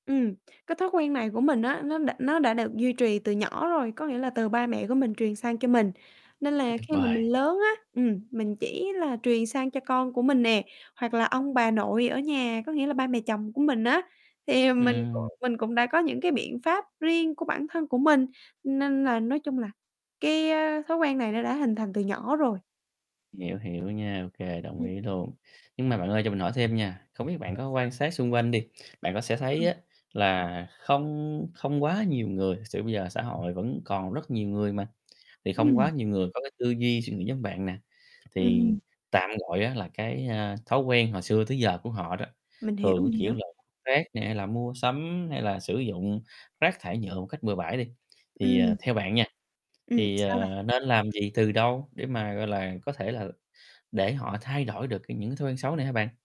Ừm. Cái thói quen này của mình á nó đã nó đã được duy trì từ nhỏ rồi, có nghĩa là từ ba mẹ của mình truyền sang cho mình. Nên Quá là tuyệt khi mà vời. mình lớn á, ừm, mình chỉ là truyền sang cho con của mình nè, hoặc là ông bà nội ở nhà, có nghĩa là ba mẹ chồng của mình á, thì, ờ, mình c Ừm. mình cũng đã có những cái biện pháp riêng của bản thân của mình, nên là nói chung là cái, ơ, thói quen này nó đã hình thành từ nhỏ rồi. Hiểu, hiểu nha, ô kê, đồng Ừm. ý luôn. Nhưng mà bạn ơi cho mình hỏi thêm nha, không biết bạn Rồi có sao? quan sát xung quanh đi, bạn có sẽ thấy Ừm. á, là không không quá nhiều người, thực sự bây giờ xã hội vẫn còn rất nhiều người mà, thì không quá Ừm. nhiều người có cái tư duy, suy nghĩ giống bạn nè, thì Ừm. tạm gọi á là cái, a, thói quen hồi xưa tới giờ của họ đó, Mình hiểu, thường cái, mình kiểu hiểu. là rác nè, hay là mua sắm, hay là sử dụng rác thải nhựa một cách bừa bãi đi, thì, ờ, Ừm. theo bạn nha, Ừm, thì, sao vậy? ờ, nên làm gì từ đâu để mà, gọi là, có thể là để họ thay đổi được cái những cái thói quen xấu này hả bạn?